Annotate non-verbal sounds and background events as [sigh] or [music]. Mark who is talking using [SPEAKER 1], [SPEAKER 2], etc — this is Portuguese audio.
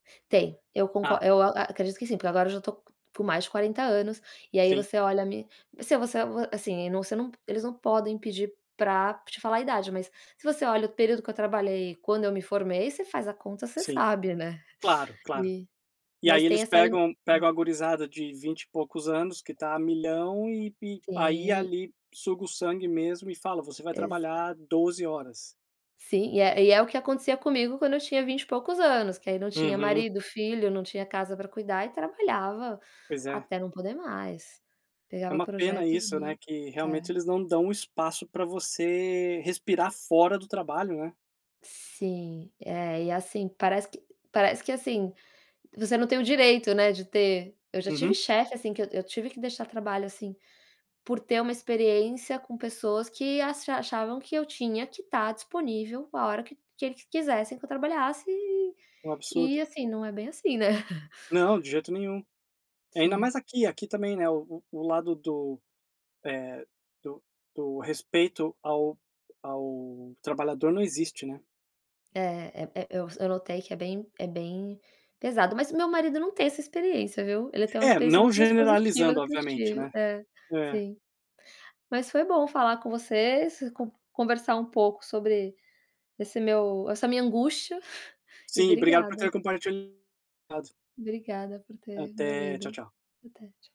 [SPEAKER 1] Tem. Eu conco
[SPEAKER 2] Ah.
[SPEAKER 1] eu a a acredito que sim, porque agora eu já tô co com mais de 40 anos, e aí
[SPEAKER 2] Sim.
[SPEAKER 1] você olha me você você assim, você não eles não podem pedir pra te falar a idade, mas se você olha o período que eu trabalhei e quando eu me formei, você faz a conta, você
[SPEAKER 2] Sim.
[SPEAKER 1] sabe, né,
[SPEAKER 2] Claro, claro.
[SPEAKER 1] e
[SPEAKER 2] E
[SPEAKER 1] mas
[SPEAKER 2] aí
[SPEAKER 1] tem
[SPEAKER 2] eles
[SPEAKER 1] essa i
[SPEAKER 2] pegam pegam a gurizada de 20 e poucos anos que tá a milhão e e aí,
[SPEAKER 1] Tem.
[SPEAKER 2] ali, suga o sangue mesmo e fala: "Você vai
[SPEAKER 1] Exa
[SPEAKER 2] trabalhar 12 horas".
[SPEAKER 1] Sim, e é e é o que acontecia comigo quando eu tinha 20 e poucos anos, que aí não tinha
[SPEAKER 2] Uhum.
[SPEAKER 1] marido, filho, não tinha casa pra cuidar e trabalhava
[SPEAKER 2] Pois é.
[SPEAKER 1] até não poder mais.
[SPEAKER 2] É
[SPEAKER 1] Pegava
[SPEAKER 2] uma pena
[SPEAKER 1] projetos
[SPEAKER 2] isso, né,
[SPEAKER 1] mi
[SPEAKER 2] que realmente
[SPEAKER 1] É.
[SPEAKER 2] eles não dão espaço pra você respirar fora do trabalho, né.
[SPEAKER 1] Sim, é, e assim, parece que parece que, assim, você não tem o direito, né, de ter eu já tive
[SPEAKER 2] Uhum.
[SPEAKER 1] chefe, assim, que eu eu tive que deixar trabalho, assim, por ter uma experiência com pessoas que ascha achavam que eu tinha que tá disponível a hora que que eles quisessem que eu trabalhasse, e
[SPEAKER 2] É um absurdo.
[SPEAKER 1] e assim, não é bem assim, né. [chuckles]
[SPEAKER 2] Não, de jeito nenhum. E ainda
[SPEAKER 1] Sim.
[SPEAKER 2] mais aqui. Aqui também, né, o o lado do, eh, do do respeito ao ao trabalhador, não existe, né.
[SPEAKER 1] É, é é eu s eu notei que é bem é bem pesado. Mas o meu marido não tem essa experiência, viu. Ele tem uma
[SPEAKER 2] É,
[SPEAKER 1] experiência
[SPEAKER 2] não
[SPEAKER 1] muito mais positiva
[SPEAKER 2] generalizando,
[SPEAKER 1] do que eu
[SPEAKER 2] obviamente,
[SPEAKER 1] tive
[SPEAKER 2] né.
[SPEAKER 1] é,
[SPEAKER 2] É.
[SPEAKER 1] sim. Mas foi bom falar com você, s con conversar um pouco sobre esse meu essa minha angústia, [chuckles] e
[SPEAKER 2] Sim, obrigado por
[SPEAKER 1] obrigada.
[SPEAKER 2] ter compartilhado.
[SPEAKER 1] Obrigada por ter me
[SPEAKER 2] Até, tchau,
[SPEAKER 1] ouvido.
[SPEAKER 2] tchau.
[SPEAKER 1] Até, tchau.